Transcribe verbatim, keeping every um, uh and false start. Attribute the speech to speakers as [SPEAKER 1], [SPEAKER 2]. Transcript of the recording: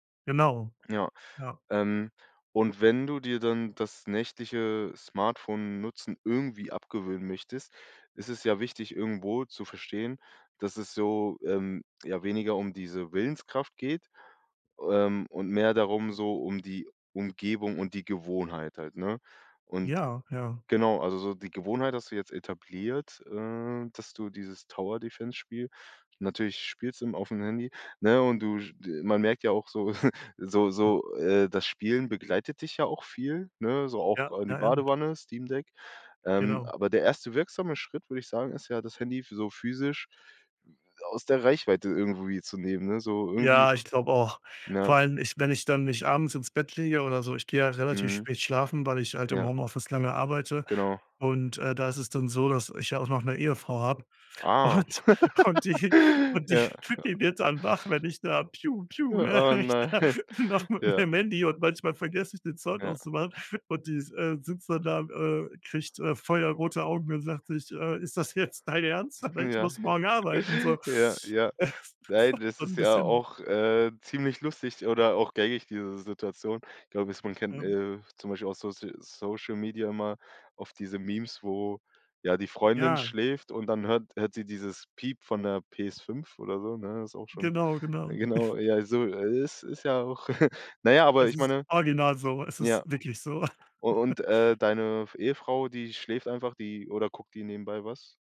[SPEAKER 1] Genau.
[SPEAKER 2] Ja,
[SPEAKER 1] Ja.
[SPEAKER 2] ähm, und wenn du dir dann das nächtliche Smartphone-Nutzen irgendwie abgewöhnen möchtest, ist es ja wichtig irgendwo zu verstehen, dass es so, ähm, ja, weniger um diese Willenskraft geht, ähm, und mehr darum so um die Umgebung und die Gewohnheit halt, ne, und
[SPEAKER 1] Ja, ja.
[SPEAKER 2] genau, also, so die Gewohnheit hast du jetzt etabliert, äh, dass du dieses Tower-Defense Spiel, natürlich spielst im auf'm Handy, ne, und du, sch d man merkt ja auch so so so, äh, das Spielen begleitet dich ja auch viel, ne, so auch
[SPEAKER 1] Ja,
[SPEAKER 2] in die
[SPEAKER 1] ja, ja.
[SPEAKER 2] Badewanne, Steam-Deck, ähm,
[SPEAKER 1] Genau.
[SPEAKER 2] aber der erste wirksame Schritt, würde ich sagen, ist ja, das Handy so physisch aus der Reichweite irgendwie zu nehmen, ne, so irgendwie
[SPEAKER 1] Ja, ich glaube auch.
[SPEAKER 2] ja.
[SPEAKER 1] Vor allem, ich wenn ich dann mich abends ins Bett lege oder so, ich gehe ja relativ
[SPEAKER 2] Mhm.
[SPEAKER 1] spät schlafen, weil ich halt im
[SPEAKER 2] Ja.
[SPEAKER 1] Homeoffice lange arbeite
[SPEAKER 2] Genau.
[SPEAKER 1] und, äh, da ist es dann so, dass ich ja auch noch 'ne Ehefrau habe
[SPEAKER 2] Ah.
[SPEAKER 1] und und die
[SPEAKER 2] Ja,
[SPEAKER 1] und die
[SPEAKER 2] ja.
[SPEAKER 1] Püppi wird dann wach, wenn ich da,, ne,
[SPEAKER 2] Ja, oh
[SPEAKER 1] wenn ich
[SPEAKER 2] nein.
[SPEAKER 1] da noch mit
[SPEAKER 2] Ja.
[SPEAKER 1] meinem Handy und manchmal vergesse ich, den Sound
[SPEAKER 2] Ja.
[SPEAKER 1] auszumachen und die s äh, sitzt dann da, äh, kriegt, äh, feuerrote Augen und sagt sich, äh: „Ist das jetzt dein Ernst? Dann, ne,
[SPEAKER 2] Mhm,
[SPEAKER 1] ich
[SPEAKER 2] ja,
[SPEAKER 1] muss
[SPEAKER 2] okay.
[SPEAKER 1] morgen arbeiten“, so.
[SPEAKER 2] Ja, ja.
[SPEAKER 1] Das
[SPEAKER 2] Nein,
[SPEAKER 1] war
[SPEAKER 2] das
[SPEAKER 1] schon
[SPEAKER 2] ist
[SPEAKER 1] 'n
[SPEAKER 2] ja
[SPEAKER 1] bisschen
[SPEAKER 2] auch, äh, ziemlich lustig oder auch gängig diese Situation. Ich glaube es man kennt,
[SPEAKER 1] Ähm.
[SPEAKER 2] äh, zum Beispiel aus Social Social Media immer auf diese Memes, wo, ja, die Freundin
[SPEAKER 1] Ja.
[SPEAKER 2] schläft und dann hört hört sie dieses Piep von 'ner PS5 oder so, ne, ist auch schon
[SPEAKER 1] Genau,
[SPEAKER 2] ja,
[SPEAKER 1] genau.
[SPEAKER 2] genau, ja, so ist ist ja auch na ja, aber
[SPEAKER 1] Es
[SPEAKER 2] ich
[SPEAKER 1] ist
[SPEAKER 2] meine
[SPEAKER 1] original so, es ist
[SPEAKER 2] ja.
[SPEAKER 1] wirklich so.
[SPEAKER 2] U und, äh, deine f Ehefrau, die schläft einfach, die oder guckt die nebenbei was?